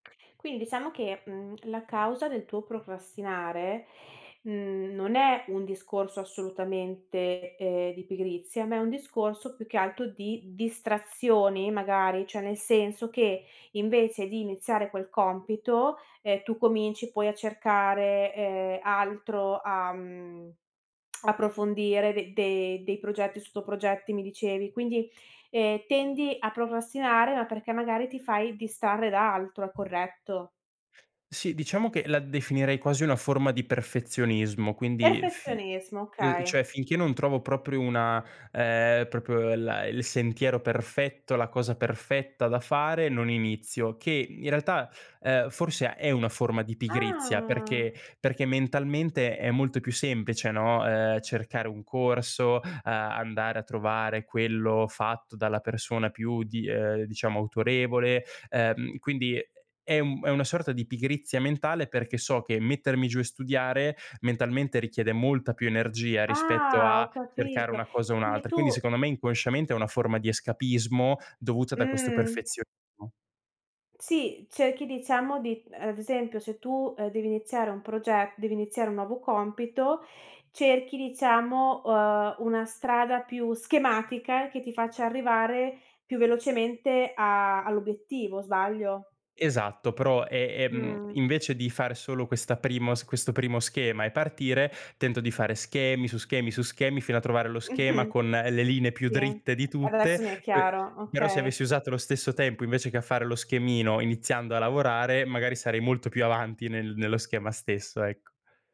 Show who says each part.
Speaker 1: Quin diciamo che, mhmm, la causa del tuo procrastinare, mhmm, non è un discorso assolutamente, ehm, di pigrizia, ma è un discorso, più che altro di distrazioni, magari, cioè nel senso che invece di iniziare quel compito, ehm, tu cominci poi a cercare, ehm, altro, a, mhmm, approfondire de de dei progetti, sotto-progetti, mi dicevi, quindi, ehm, tendi a procrastinare, ma perché magari ti fai distrarre da altro, è corretto?
Speaker 2: Sì, diciamo che la definirei quasi una forma di perfezionismo, quindi fi
Speaker 1: Perfezionismo,
Speaker 2: uhm,
Speaker 1: okay.
Speaker 2: cioè finché non trovo proprio una ehm, proprio la il sentiero perfetto, la cosa perfetta da fare, non inizio, che in realtà, ehm, forse è una forma di pigrizia,
Speaker 1: Ah.
Speaker 2: perché perché mentalmente è molto più semplice, no, ehm, cercare un corso, uhm, andare a trovare quello fatto dalla persona più di uhm, diciamo autorevole, uhm, quindi è è una sorta di pigrizia mentale perché so che mettermi giù e studiare mentalmente richiede molta più energia rispetto
Speaker 1: Ah,
Speaker 2: a
Speaker 1: ho
Speaker 2: cercare
Speaker 1: capito.
Speaker 2: una cosa e
Speaker 1: Quindi
Speaker 2: un'altra. Quindi
Speaker 1: tu
Speaker 2: secondo me inconsciamente è una forma di escapismo dovuta da questo
Speaker 1: Mh.
Speaker 2: perfezionismo.
Speaker 1: Sì, cerchi diciamo di ad esempio se tu, ehm, devi iniziare un proge devi iniziare un nuovo compito, cerchi, diciamo, uhm, una strada più schematica che ti faccia arrivare più velocemente a all'obiettivo, sbaglio?
Speaker 2: Esatto, però è è mhmm,
Speaker 1: Mh.
Speaker 2: invece di fare solo questa primo questo primo schema e partire, tento di fare schemi su schemi su schemi fino a trovare lo schema con le linee più
Speaker 1: Sì,
Speaker 2: dritte di tutte,
Speaker 1: adesso mi è
Speaker 2: pe
Speaker 1: chiaro,
Speaker 2: però se avessi
Speaker 1: okay.
Speaker 2: usato lo stesso tempo invece che a fare lo schemino, iniziando a lavorare, magari sarei molto più avanti nel nello schema stesso, ecco.